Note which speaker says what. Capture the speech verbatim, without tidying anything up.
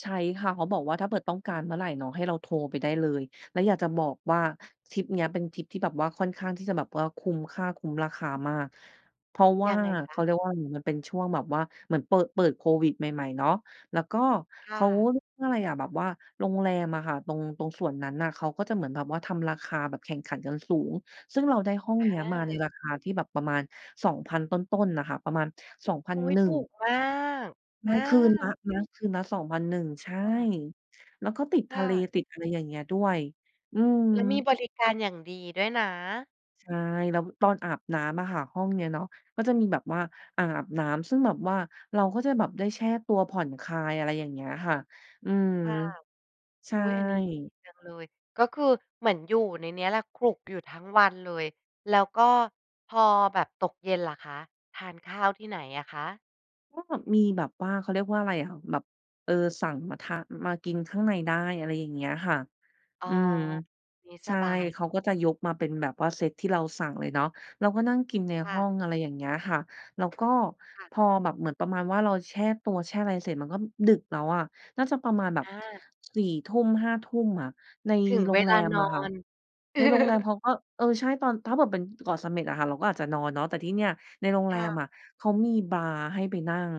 Speaker 1: ใช้ค่ะ เขาบอกว่า ถ้าเบิด ต้องการเมื่อไรเนาะ ให้เราโทรไปได้เลย แล้วอยากจะบอกว่า ทริปเนี้ยเป็นทริปที่แบบว่าค่อนข้างที่จะแบบว่า มค่า คุ้มราคามาก เพราะว่
Speaker 2: ย
Speaker 1: า
Speaker 2: ังไงค
Speaker 1: เข
Speaker 2: ะ?
Speaker 1: าเรียกว่า มันเป็นช่วงแบบว่าเหมือนเปิด เปิดโควิดใหม่ ๆ เนาะ แล้วก็
Speaker 2: ค
Speaker 1: เข
Speaker 2: ่
Speaker 1: า
Speaker 2: ะ
Speaker 1: เรียกว่าอะไรอะ แบบว่าโรงแรมอะค่ะ ตรง ตรงส่วนนั้นน่ะ เขาก็จะเหมือนแบบว่า ทำราคาแบบแข่งขันกันสูง ซึ่งเราได้ห้อง
Speaker 2: อ
Speaker 1: เนี้ยมาใน
Speaker 2: า
Speaker 1: ราคาที่แบบประมาณ สองพัน ต้น ๆ อะค่ะ ประมาณ สองพัน
Speaker 2: อุ๊ย!
Speaker 1: หนึ่
Speaker 2: ถ
Speaker 1: ง
Speaker 2: ูกมาก
Speaker 1: ไ
Speaker 2: อ
Speaker 1: ม่ คืนละ
Speaker 2: า
Speaker 1: นะ คืนละ สองพันหนึ่ง ใช่
Speaker 2: ค่ะ
Speaker 1: แล้วก็ติด
Speaker 2: ค
Speaker 1: ท
Speaker 2: ่
Speaker 1: ะเล
Speaker 2: ะ
Speaker 1: ติดอะไรอย่างเงี้ยด้วย อืม
Speaker 2: แล้วมีบริการอย่างดีด้วยนะ
Speaker 1: ใช่ แล้วตอนอาบน้ำอะค่ะ ห้องเนี้ยเนาะ ก็จะมีแบบว่าอ่างอาบน้ำ ซึ่งแบบว่าเราก็จะแบบได้แช่ตัวผ่อนคลาย อะไรอย่างเงี้ยค่ะ อืม
Speaker 2: ค่ะ
Speaker 1: ใช
Speaker 2: อ
Speaker 1: ่
Speaker 2: ุ๊ย อันนี้ดีจังเลย ก็คือเหมือนอยู่ในเนี้ยแหละ ขลุกอยู่ทั้งวันเลย แล้วก็พอแบบตกเย็นล่ะคะ ทานข้าวที่ไหนอะคะ?
Speaker 1: ก็มีแบบว่า เขาเรียกว่าอะไรอะ แบบ เออ สั่งมาทาน มากินข้างในได้ อะไรอย่างเงี้ยค่ะ
Speaker 2: อ๋อ
Speaker 1: อืม
Speaker 2: งี้
Speaker 1: ใช
Speaker 2: ส
Speaker 1: ่
Speaker 2: บาย
Speaker 1: เข
Speaker 2: เน
Speaker 1: า
Speaker 2: าะ
Speaker 1: ก็จะยกมาเป็นแบบว่าเซตที่เราสั่งเลยเนาะ เราก็นั่งกินใน
Speaker 2: ค
Speaker 1: ห
Speaker 2: ่
Speaker 1: ้
Speaker 2: ะ
Speaker 1: อง อะไรอย่างเงี้ยค่ะ แล้วก็
Speaker 2: ค่ะ
Speaker 1: พอแบบเหมือนประมาณว่า เราแช่ตัวแช่อะไรเสร็จ มันก็ดึกแล้วอะ น่าจะประมาณแบบ
Speaker 2: อา
Speaker 1: สี่ทุ่ม ห้าทุ่ม อะ ใน
Speaker 2: ถึง
Speaker 1: โร
Speaker 2: เว
Speaker 1: งแ
Speaker 2: ล
Speaker 1: ร
Speaker 2: า
Speaker 1: ม
Speaker 2: นอ
Speaker 1: อะค่ะ
Speaker 2: น
Speaker 1: ในโรงแรมเขาก็ เออ ใช่ ตอน ถ้าเบิด เป็นเกาะเสม็ดอะค่ะ เราก็อาจจะนอนเนาะ แต่ที่เนี่ยในโรงแ
Speaker 2: ค
Speaker 1: ร
Speaker 2: ่
Speaker 1: ม
Speaker 2: ะ
Speaker 1: อะ เขามีบาร์ให้ไปนั่ง